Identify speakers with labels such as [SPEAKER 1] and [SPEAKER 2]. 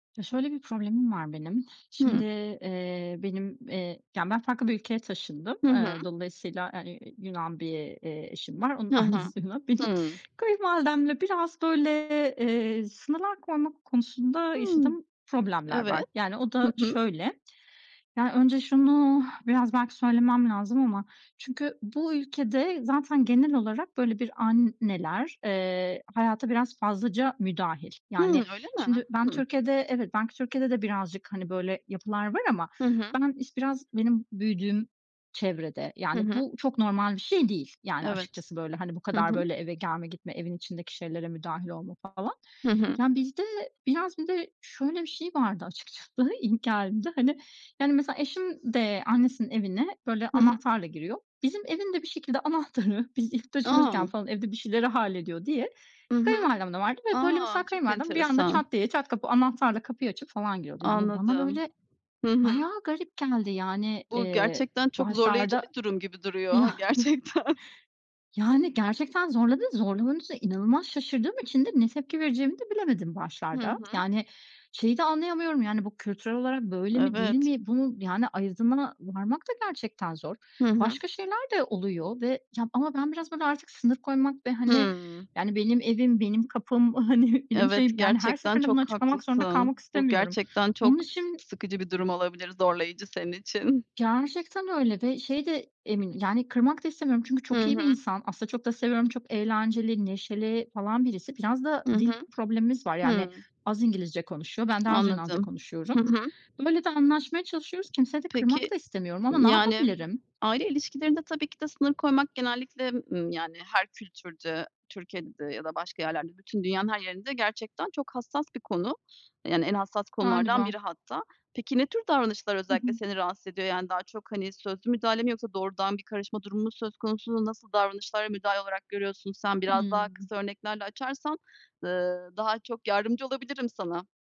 [SPEAKER 1] Ya, şöyle bir problemim var benim, şimdi,
[SPEAKER 2] Hıı.
[SPEAKER 1] eee, benim, eee yani, ben farklı bir ülkeye taşındım.
[SPEAKER 2] Hı hı.
[SPEAKER 1] Eee, dolayısıyla, aaa, eee, iii, Yunan bir, eee, eşim var, onun
[SPEAKER 2] Hı hı.
[SPEAKER 1] annesi Yunan. Benim
[SPEAKER 2] Hıı.
[SPEAKER 1] kayınvalidemle biraz böyle, eee, sınırlar koymak konusunda
[SPEAKER 2] Hıı.
[SPEAKER 1] yaşadığım problemler
[SPEAKER 2] Evet.
[SPEAKER 1] var. Yani, o
[SPEAKER 2] Hı
[SPEAKER 1] da
[SPEAKER 2] hı.
[SPEAKER 1] şöyle, ya önce şunu biraz, belki, söylemem lazım ama, çünkü bu ülkede zaten genel olarak böyle bir anneler, eee, hayata biraz fazlaca müdahil. Yani,
[SPEAKER 2] Hımm öyle
[SPEAKER 1] şimdi,
[SPEAKER 2] mi?
[SPEAKER 1] ben
[SPEAKER 2] Hımm.
[SPEAKER 1] Türkiye'de evet, belki Türkiye'de de birazcık, hani, böyle yapılar var ama
[SPEAKER 2] Hı hı.
[SPEAKER 1] ben iş birazcık benim büyüdüğüm çevrede,
[SPEAKER 2] Hı
[SPEAKER 1] yani,
[SPEAKER 2] hı.
[SPEAKER 1] bu çok normal bir şey değil, yani,
[SPEAKER 2] Evet.
[SPEAKER 1] açıkçası, böyle, hani, bu
[SPEAKER 2] Hı
[SPEAKER 1] kadar
[SPEAKER 2] hı.
[SPEAKER 1] böyle eve gelme, gitme evin içindeki şeylere müdahil olma falan.
[SPEAKER 2] Hı hı.
[SPEAKER 1] Yani, bizde biraz bir de şöyle bir şey vardı açıkçası, ilk geldiğimde, hani, yani, mesela, eşim de annesinin evine böyle
[SPEAKER 2] Hı hı.
[SPEAKER 1] anahtarla giriyor. Bizim evin de, bir şekilde, anahtarı, biz ilk taşınırken,
[SPEAKER 2] A!
[SPEAKER 1] falan, evde bir şeyleri hallediyor diye
[SPEAKER 2] Hı hı.
[SPEAKER 1] kayınvalidemde vardı ve böyle,
[SPEAKER 2] A,
[SPEAKER 1] mesela,
[SPEAKER 2] çok
[SPEAKER 1] kayınvalidem bir anda
[SPEAKER 2] enteresan.
[SPEAKER 1] çat diye, çat kapı anahtarla kapıyı açıp falan giriyordu. Yani, bu bana
[SPEAKER 2] Anladım.
[SPEAKER 1] böyle
[SPEAKER 2] Hı hı.
[SPEAKER 1] bayağı garip geldi, yani,
[SPEAKER 2] Bu
[SPEAKER 1] eee,
[SPEAKER 2] gerçekten çok zorlayıcı
[SPEAKER 1] başlarda
[SPEAKER 2] bir durum gibi duruyor
[SPEAKER 1] Yani.
[SPEAKER 2] gerçekten.
[SPEAKER 1] Yani gerçekten zorladı, zorlamanın üstüne inanılmaz şaşırdığım için de ne tepki vereceğimi de bilemedim
[SPEAKER 2] Hı
[SPEAKER 1] başlarda.
[SPEAKER 2] hı.
[SPEAKER 1] Yani, şeyi de anlayamıyorum, yani bu kültürel olarak böyle mi değil
[SPEAKER 2] Evet.
[SPEAKER 1] mi? Bunu, yani, ayırdına varmak da gerçekten zor.
[SPEAKER 2] Hı hı.
[SPEAKER 1] Başka şeyler de oluyor ve, ya, ama ben biraz, böyle, artık sınır koymak ve, hani,
[SPEAKER 2] Hıı.
[SPEAKER 1] yani, benim evim, benim kapım, hani, benim
[SPEAKER 2] Evet,
[SPEAKER 1] şeyim, yani her
[SPEAKER 2] gerçekten
[SPEAKER 1] seferinde bunu
[SPEAKER 2] çok
[SPEAKER 1] açıklamak zorunda kalmak
[SPEAKER 2] haklısın. Bu
[SPEAKER 1] istemiyorum.
[SPEAKER 2] gerçekten
[SPEAKER 1] Bunun
[SPEAKER 2] çok
[SPEAKER 1] için
[SPEAKER 2] sıkıcı bir durum olabilir zorlayıcı senin için.
[SPEAKER 1] Gerçekten öyle ve, şey de, emin yani kırmak da istemiyorum çünkü
[SPEAKER 2] Hı
[SPEAKER 1] çok iyi bir
[SPEAKER 2] hı.
[SPEAKER 1] insan. Aslında çok da seviyorum, çok eğlenceli, neşeli falan birisi. Biraz da
[SPEAKER 2] Hı
[SPEAKER 1] dil
[SPEAKER 2] hı.
[SPEAKER 1] problemimiz var, yani,
[SPEAKER 2] Hıı.
[SPEAKER 1] az İngilizce konuşuyor, ben de az Yunanca
[SPEAKER 2] Anladım.
[SPEAKER 1] konuşuyorum.
[SPEAKER 2] Hı hı.
[SPEAKER 1] Böyle de anlaşmaya çalışıyoruz, kimseyi de kırmak
[SPEAKER 2] Peki,
[SPEAKER 1] da istemiyorum ama ne
[SPEAKER 2] yani,
[SPEAKER 1] yapabilirim?
[SPEAKER 2] aile ilişkilerinde tabii ki de sınır koymak genellikle, ımm, yani her kültürde, Türkiye'de ya da başka yerlerde, bütün dünyanın her yerinde gerçekten çok hassas bir konu. Yani, en hassas konulardan
[SPEAKER 1] Galiba.
[SPEAKER 2] biri hatta. Peki, ne tür davranışlar
[SPEAKER 1] Hı
[SPEAKER 2] özellikle
[SPEAKER 1] hı.
[SPEAKER 2] seni rahatsız ediyor? Yani, daha çok, hani, sözlü müdahale mi yoksa doğrudan bir karışma durumu mu söz konusu? Nasıl davranışlara, müdahale olarak görüyorsun sen? Biraz daha
[SPEAKER 1] Hıı.
[SPEAKER 2] kısa örneklerle açarsan, ııı, daha çok yardımcı olabilirim sana.